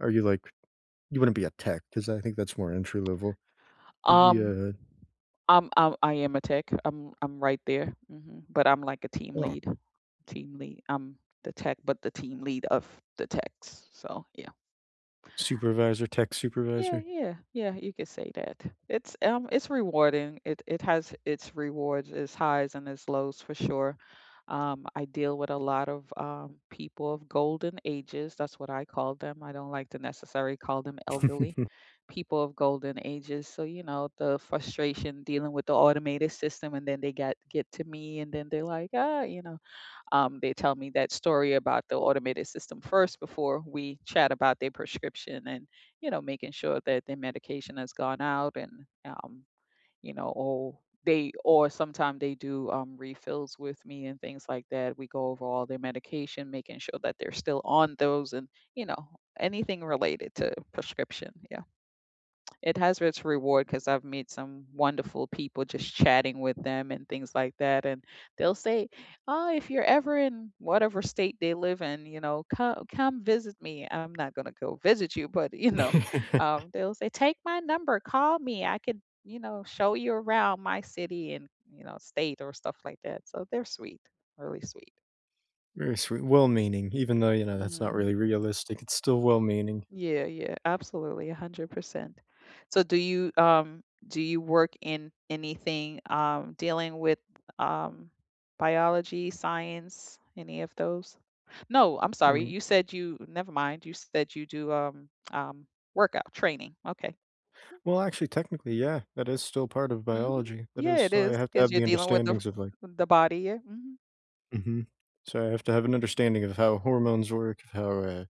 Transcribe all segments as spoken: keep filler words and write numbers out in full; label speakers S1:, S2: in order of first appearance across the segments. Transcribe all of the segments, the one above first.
S1: Are you like you wouldn't be a tech 'cause I think that's more entry level. You'd be
S2: Um,
S1: a a
S2: um um, I am a tech, I'm I'm right there, mhm, but I'm like a team
S1: [unintelligible]
S2: lead, team lead, I'm the tech, but the team lead of the techs, so yeah.
S1: Supervisor tech
S2: Yeah,
S1: supervisor.
S2: yeah, yeah, you could say that it's, um, rewarding, it it has its rewards, its highs and its lows for sure. Um, I deal with a lot of, um, people of golden ages, that's what I call them, I don't like to necessary call them elderly. People of golden ages, so, you know, the frustration dealing with the automated system and then they got get to me and then they're, like, "Ah," you know, um, they tell me that story about the automated system first before we chat about their prescription and, you know, making sure that their medication has gone out and, um, you know, oh they or sometimes they do, um, refills with me and things like that, we go over all their medication, making sure that they're still on those and, you know, anything related to prescription, yeah. It has its reward 'cause I've met some wonderful people just chatting with them and things like that and they'll say, "Oh if you're ever in" whatever state they live in, you know, "Co come visit me," I'm not gonna go visit you but you know, um, they'll say "Take my number, call me, I could, you know, show you around my city and" You know, state, or stuff like that. So, they're sweet, really sweet.
S1: Very sweet well meaning, even though, you know, that's not
S2: Mhm.
S1: really realistic, it's still well meaning.
S2: Yeah, yeah, absolutely, a hundred percent. So, do you, um, do you work in anything, um, dealing with, um, biology, science, any of those? No, I'm
S1: I
S2: sorry,
S1: mean
S2: you said you never mind, you said you do, um, um, workout training, okay.
S1: Well, actually technically, yeah, that is still part of
S2: Mhm,
S1: biology, that
S2: yeah
S1: is
S2: it
S1: why I
S2: is
S1: have to
S2: 'cause
S1: have
S2: you're
S1: the
S2: dealing with the
S1: understandings of like
S2: the body, yeah, mhm.
S1: Mhm, so, I have to have an understanding of how hormones work, of how, uh,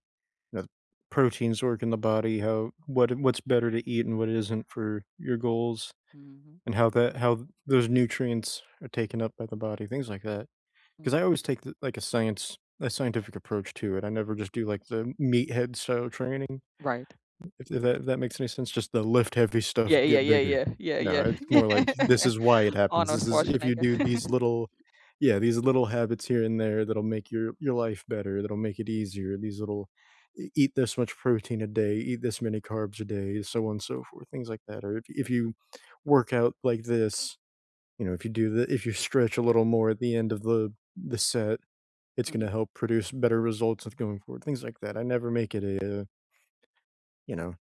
S1: the proteins work in the body, how what what's better to eat and what isn't for your goals,
S2: Mhm.
S1: and how that how those nutrients are taken up by the body, things like that.
S2: Mm.
S1: 'Cause I always take the like a science a scientific approach to it, I never just do, like, the m meathead style training.
S2: Right.
S1: If th that, that makes any sense, just the "Lift heavy stuff,
S2: Yeah, yeah,
S1: get
S2: yeah,
S1: bigger."
S2: yeah, yeah,
S1: No,
S2: yeah,
S1: it's more, like, "This
S2: yeah,
S1: is why it happens;
S2: Arnold
S1: this is if you
S2: Schwarzenegger.
S1: do these little yeah, these little habits here and there that'll make your your life better, that'll make it easier, these little e eat this much protein a day, eat this many carbs a day, so on so forth," things like that, or if you work out like this, you know if you do the if you stretch a little more at the end of the the set, it's gonna
S2: Mhm.
S1: help produce better results of going forward, things like that I never make it a, uh You know.